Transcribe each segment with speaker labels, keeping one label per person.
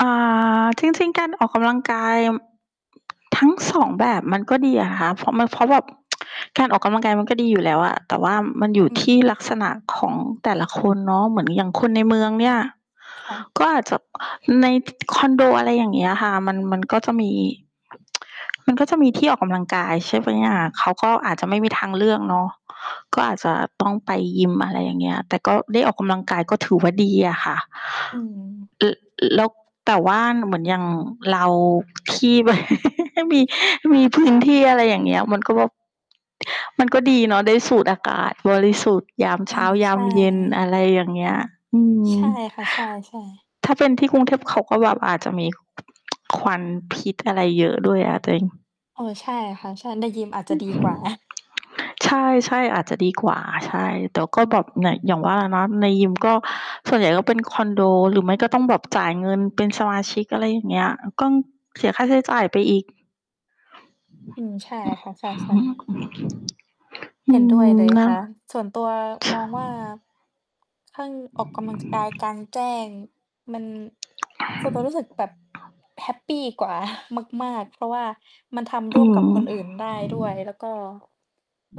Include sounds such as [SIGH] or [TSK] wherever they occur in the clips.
Speaker 1: อา จริง ๆ การออกกำลังกาย ม ทั้ง 2 แบบ มันก็ดีอะค่ะ เพราะมัน เพราะแบบ [TSK] การออกกำลังกายมันก็ดีอยู่แล้วอะ แต่ว่ามันอยู่
Speaker 2: อื
Speaker 1: ที่ล
Speaker 2: ม
Speaker 1: ักษณะของแต่ละคนเนาะ เหมือนอย่างคนในเมือง เนี่ย
Speaker 2: ค่ะ
Speaker 1: ก็อาจจะ ใน คอนโด อะไรอย่างเงี้ยค่ะ มัน มันก็จะมี [TSK] มันก็จะมีที่ออกกำลังกาย ใช่ไหมอะ เขาก็อาจจะไม่มีทางเลือกเนาะ ก็อาจจะต้องไปยิม อะไรอย่างเงี้ย แต่ก็ได้ออกกำลังกายก็ถือว่าดีอะค่ะ
Speaker 2: อืม
Speaker 1: ล ล แล้วแต่ว่าเหมือนอย่าง เราที่ แบบ มี มีพื้นที่ อะไรอย่างเงี้ย มันก็แบบ มันก็ดีเนาะได้สูดอากาศบริสุทธิ์ ยาม
Speaker 2: อ
Speaker 1: เ
Speaker 2: ื
Speaker 1: ช้า
Speaker 2: ม
Speaker 1: ย
Speaker 2: ใ
Speaker 1: า
Speaker 2: ช
Speaker 1: ม
Speaker 2: ่
Speaker 1: เย็น อะไรอย่างเงี้ย อืม
Speaker 2: ใช่ค่ะ ใช่ ๆ
Speaker 1: ถ้าเป็นที่กรุงเทพ เขาก็แบบอาจจะมี ควันพิษอะไรเยอะ ด้วย อะตัวเอง
Speaker 2: เออ ใช่ค่ะ ใช่ ในยิมอาจจะดีกว่า [CHUCKLES]
Speaker 1: ใช่ ๆ อาจจะดีกว่า ใช่ แต่ก็แบบ อ อย่างว่าเนาะ ในยิมก็ ส่วนใหญ่ก็ เป็นคอนโด หรือไม่ก็ต้องแบบจ่ายเงินเป็นสมาชิก อะไรอย่างเงี้ย ก็เสียค่าใช้จ่ายไปอีก
Speaker 2: อืม ใช่ค่ะ ใช่ ๆ
Speaker 1: อ
Speaker 2: เห
Speaker 1: ื
Speaker 2: ็นด้วย
Speaker 1: ม
Speaker 2: เลย
Speaker 1: แล้
Speaker 2: ค
Speaker 1: ว
Speaker 2: ่ะ ส่วนตัวมองว่า ถ้า ออกกำลังกายกลางแจ้ง มัน ส่วนตัวรู้สึกแบบแฮปปี กว่า มาก ๆ เพราะว่ามันท
Speaker 1: อ
Speaker 2: ำ
Speaker 1: ื
Speaker 2: ร่วมกับค
Speaker 1: ม
Speaker 2: นอื่นได้ด้วย แล้วก็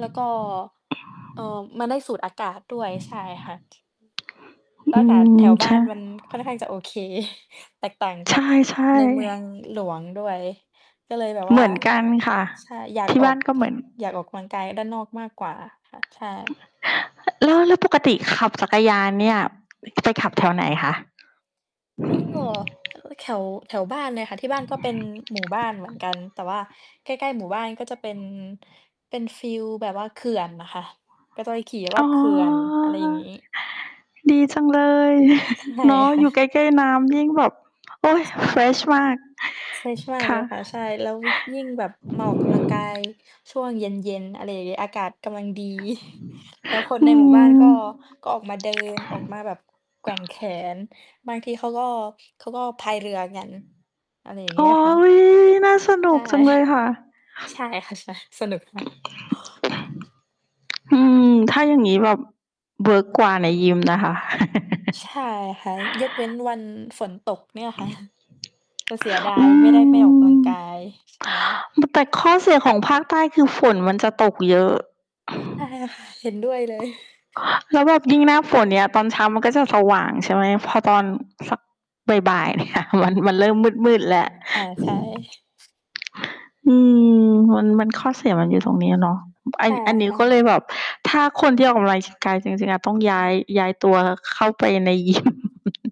Speaker 2: แล้วก็ เอ่อ มันได้สูดอากาศด้วย ใช่ค่ะ แล้
Speaker 1: อ
Speaker 2: ว
Speaker 1: ื
Speaker 2: อากาศแถ
Speaker 1: อ
Speaker 2: วบ
Speaker 1: ใช
Speaker 2: ้าน
Speaker 1: ่
Speaker 2: มันค่อนข้างจะโอเค [CHUCKLES] แตกต่างก
Speaker 1: ใ
Speaker 2: ับ
Speaker 1: ช่
Speaker 2: ในเมือง
Speaker 1: ๆ
Speaker 2: หลวงด้วย ก็เลยแบบ
Speaker 1: เ
Speaker 2: ว
Speaker 1: ห
Speaker 2: ่
Speaker 1: ม
Speaker 2: า
Speaker 1: ือนกัน ค่ะ
Speaker 2: ใช่ อยาก
Speaker 1: ที่
Speaker 2: อ
Speaker 1: บ
Speaker 2: อ
Speaker 1: ้า
Speaker 2: ก
Speaker 1: นก็เหมือน
Speaker 2: อยากออกกำลังกายด้านนอกมากกว่าค่ะ ใช่
Speaker 1: ล แล้ว แล้วปกติขับ จักรยานเนี่ย ไปขับ แถวไหนคะ?
Speaker 2: เออ ล แถว แถวบ้านเลยค่ะ ที่บ้านก็เป็นหมู่บ้านเหมือนกัน แต่ว่าใกล้ ๆ หมู่บ้านก็จะเป็น เป็นฟีลแบบว่าเขื่อนอะค่ะ ก็จะไปขี่รอ
Speaker 1: อ๋
Speaker 2: บ
Speaker 1: อ
Speaker 2: เขื่อน อะไรอย่างงี้
Speaker 1: ดีจังเลย
Speaker 2: เออ ใช
Speaker 1: [CHUCKLES]
Speaker 2: ่
Speaker 1: เนาะ
Speaker 2: ค่
Speaker 1: อยู่ใก
Speaker 2: ะ
Speaker 1: ล้ ๆ น้ำยิ่งแบบ โอ๊ย
Speaker 2: ใช่
Speaker 1: เฟร
Speaker 2: ค
Speaker 1: ช
Speaker 2: ่ะ
Speaker 1: มาก
Speaker 2: ใช่ ใช่
Speaker 1: ค
Speaker 2: เล
Speaker 1: ่ะ
Speaker 2: ยค่ะ ใช่ แล้ววิ ยิ่งแบบมาออกกำลังกายช่วงเย็น ๆ อะไรอย่างเงี้ย อากาศกำลังดี [CHUCKLES] แล้วคน
Speaker 1: อ
Speaker 2: ใน
Speaker 1: ื
Speaker 2: หมู่บ้านก็
Speaker 1: ม
Speaker 2: ก็ออกมาเดิน ออกมาแบบแกว่งแขน บางทีเขาก็ เขาก็พายเรือกัน อะไรอย่าง
Speaker 1: โ
Speaker 2: เ
Speaker 1: อ
Speaker 2: งี้ย
Speaker 1: ๊
Speaker 2: ค่ะ
Speaker 1: ย น่าสน
Speaker 2: ใช
Speaker 1: ุ
Speaker 2: ่
Speaker 1: กจังเลย
Speaker 2: [CHUCKLES]
Speaker 1: ค่ะ
Speaker 2: ใช่ค่ะ ใช่ สนุกค่ะ
Speaker 1: อืม ถ้าอย่างงี้แบบเวิร์กกว่าในยิมนะคะ
Speaker 2: ใช่
Speaker 1: [LAUGHS]
Speaker 2: ค่ะ ยกเว้นวันฝนตกเนี่ย ค่ะ จะเสียดา
Speaker 1: อื
Speaker 2: ย ไม่ได้ไปออกกำลั
Speaker 1: ม
Speaker 2: งกาย ใช่
Speaker 1: แต่ข้อ เสีย ของภาคใต้ คือ ฝนมันจะตกเยอะ
Speaker 2: ใช่ค่ะ เห็นด้วยเลย
Speaker 1: แล้วแบบยิ่งหน้าฝนเนี้ย ตอนเช้ามันก็จะสว่างใช่ไหม พอตอนสักบ่าย ๆ เนี่ย มัน มันเริ่มมืด ๆ แล้ว
Speaker 2: อา ใช่
Speaker 1: อืม มัน มันข้อเสียมันอยู่ตรงเนี้ยเนาะ อ
Speaker 2: ใ
Speaker 1: ั
Speaker 2: ช
Speaker 1: น
Speaker 2: ่
Speaker 1: อันนี้
Speaker 2: ค่
Speaker 1: ก็เล
Speaker 2: ะ
Speaker 1: ยแบบ ถ้าคนที่ออกกำลังกายจริง ๆ อะ ต้องย้าย ย้ายตัวเข้าไปใน ยิม [LAUGHS]